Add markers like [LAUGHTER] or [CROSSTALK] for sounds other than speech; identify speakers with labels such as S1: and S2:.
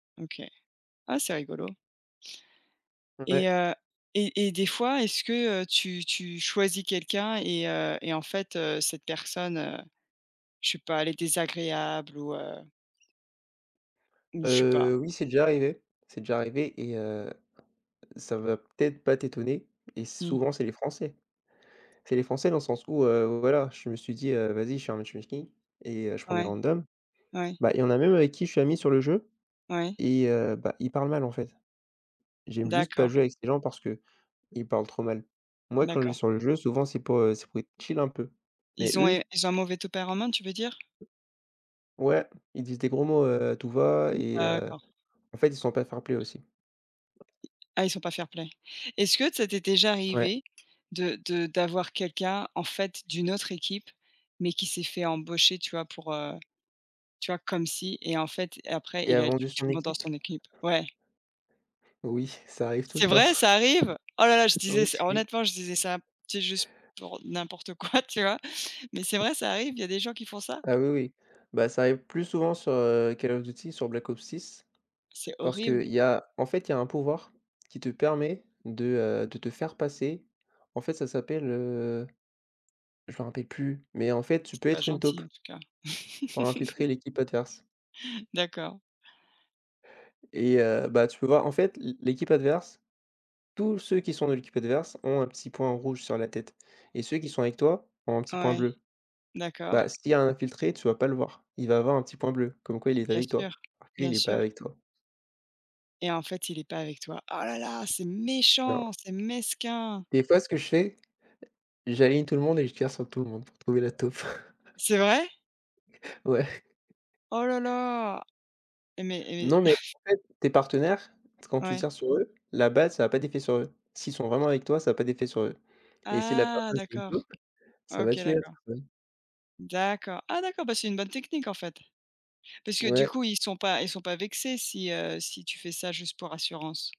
S1: OK. Ah, c'est rigolo! Et
S2: Ouais.
S1: heu, et et des fois, est-ce que, heu, tu tu choisis quelqu'un et heu et en fait, heu, cette personne, heu, je sais pas, elle est désagréable ou heu ou je sais pas.
S2: Heu, oui c'est déjà arrivé c'est déjà arrivé et heu, ça va peut-être pas t'étonner et
S1: Mmh.
S2: souvent c'est les Français. C'est les Français dans le sens où, heu, voilà, je me suis dit, heu, vas-y [UNINTELLIGIBLE] et heu, je prends des
S1: Ouais,
S2: randoms.
S1: ouais.
S2: Ben, il y en a même avec qui je suis ami sur le jeu
S1: Ouais.
S2: et heu, bah, ils parlent mal, en fait. J'aime juste pas
S1: D'accord.
S2: jouer avec ces gens, parce qu'ils parlent trop mal. Moi, quand je vais
S1: D'accord.
S2: sur le jeu, souvent c'est pour, heu, c'est pour être chill, un peu. Mais
S1: Ils ont
S2: eux
S1: é ils ont un mauvais tempérament, tu veux dire?
S2: ouais, ils disent des gros mots, heu, à tout va
S1: [UNINTELLIGIBLE]
S2: et heu,
S1: D'accord.
S2: en fait, ils sont pas fair-play, aussi.
S1: Ah, ils sont pas fair-play. Est-ce que ça t'est déjà
S2: Ouais.
S1: arrivé de de d'avoir quelqu'un, en fait, d'une autre équipe, mais qui s'est fait embaucher, tu vois, pour heu, tu vois, comme si et en fait, et après
S2: Et
S1: il
S2: a
S1: a
S2: vendu
S1: tué
S2: son
S1: tout le monde dans
S2: équipe?
S1: son équipe? Ouais.
S2: Oui, ça arrive tout le
S1: C'est
S2: temps.
S1: vrai, ça arrive? Oh là là, je
S2: Oh
S1: disais
S2: oui,
S1: ça,
S2: oui.
S1: honnêtement, je disais
S2: [CHUCKLES]
S1: ça, tu sais, juste pour n'importe quoi, tu vois? Mais c'est vrai, ça arrive? Il y a des gens qui font ça?
S2: Ah oui, oui, bah, ça arrive plus souvent sur, heu, Call of Duty, sur Black Ops 6,
S1: C'est
S2: parce
S1: horrible!
S2: qu'il y a, en fait, il y a un pouvoir qui te permet de, heu, de te faire passer, en fait ça s'appelle, heu, je me rappelle plus, mais en fait, tu peux
S1: C'est pas
S2: être une taupe
S1: gentil, en tout cas.
S2: pour
S1: [CHUCKLES]
S2: infiltrer l'équipe adverse.
S1: D'accord.
S2: Et heu, bah, tu peux voir en fait l'é l'équipe adverse, tous ceux qui sont dans l'équipe adverse, ont un petit point en rouge sur la tête et ceux qui sont avec toi, ont un petit point
S1: Ouais,
S2: bleu. Bah,
S1: d'accord.
S2: s'il y a un infiltré, tu vas pas le voir, il va avoir un petit point bleu, comme quoi il est
S1: Bien
S2: avec
S1: sûr,
S2: toi, en vrai
S1: bien
S2: il est pas
S1: sûr.
S2: avec toi.
S1: Et en fait, il est pas avec toi. Oh là là, c'est
S2: Non.
S1: méchant, c'est mesquin!
S2: Des fois ce que je fais, j'aligne tout le monde et je tire sur tout le monde pour trouver la taupe.
S1: C'est vrai?
S2: Ouais.
S1: Oh là là! Et mais et
S2: Non,
S1: mais.
S2: mais
S1: [CHUCKLES]
S2: en fait, tes partenaires, quand tu
S1: Ouais.
S2: tires sur eux, la balle ça a pas d'effet sur eux. S'ils sont vraiment avec toi, ça a pas d'effet sur eux. Et si la
S1: Ah!
S2: personne c'est une taupe,
S1: d'accord.
S2: ça va
S1: OK,
S2: tuer la
S1: d'accord.
S2: personne.
S1: D'accord. Ah d'accord! Bah, c'est une bonne technique, en fait. Parce que du
S2: Ouais.
S1: coup ils sont pas ils sont pas vexés si, heu, si tu fais ça juste pour assurance?